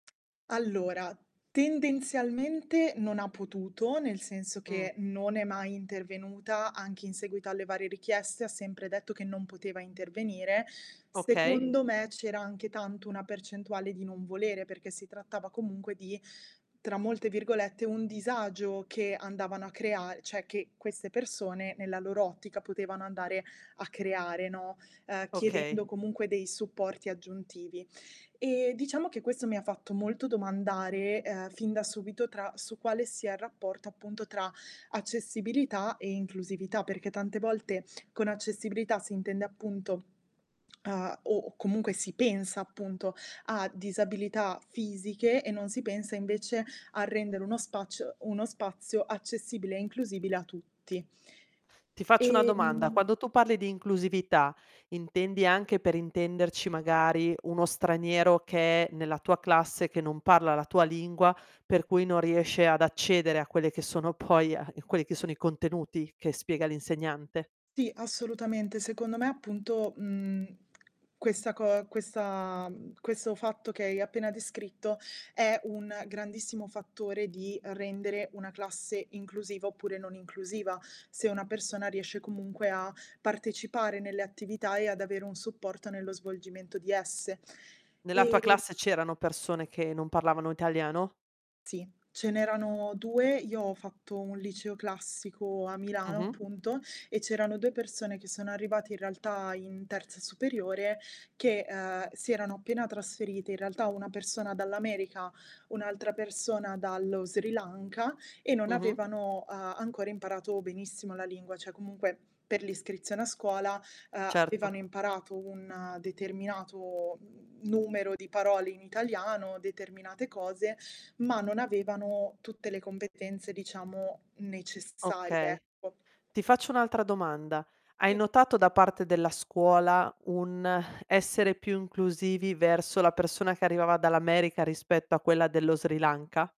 Allora, tendenzialmente non ha potuto, nel senso che, non è mai intervenuta anche in seguito alle varie richieste, ha sempre detto che non poteva intervenire. Okay. Secondo me c'era anche tanto una percentuale di non volere, perché trattava comunque di, tra molte virgolette, "un disagio" che andavano a crea cioè che queste persone nella loro ottica potevano andare a creare, no, uhm, Okay. chiedendo comunque dei supporti aggiuntivi. Ehm, diciamo che, questo mi ha fatto molto domandare, uhm, fin da subito tra su quale sia il rapporto, appunto, tra accessibilità e inclusività, perché tante volte, con accessibilità si intende, appunto, uhm, o comunque si pensa, appunto, a disabilità fisiche e non si pensa invece a rendere uno spaci uno spazio accessibile e inclusibile a tutti. Ti faccio una domanda, Ehm quando tu parli di inclusività, intendi anche, per intenderci, magari uno straniero che è nella tua classe, che non parla la tua lingua per cui non riesce ad accedere a quelli che sono poi quelli che sono i contenuti che spiega l'insegnante? Sì, assolutamente. Secondo me, appunto, mhmm, questa co questa questo fatto che hai appena descritto, è un grandissimo fattore di rendere una classe inclusiva oppure non inclusiva, se una persona riesce comunque a partecipare nelle attività e ad avere un supporto nello svolgimento di esse. Nella tua Ehm classe c'erano persone che non parlavano italiano? Sì, ce n'erano 2, io ho fatto un liceo classico a Milano, Mh-mh. appunto, e c'erano 2 persone che sono arrivate, in realtà, in terza superiore che, mhmm, si erano appena trasferite, in realtà una persona dall'America, un'altra persona dallo Sri Lanka, e non Mh-mh. avevano a ancora imparato benissimo la lingua, cioè comunque, per l'iscrizione a scuola Certo. avevano imparato un determinato, mhmm, numero di parole in italiano, determinate cose, ma non avevano tutte le competenze, diciamo, necessarie, Okay, ecco. ti faccio un'altra domanda: hai Sì. notato da parte della scuola un essere più inclusivi verso la persona che arrivava dall'America rispetto a quella dello Sri Lanka?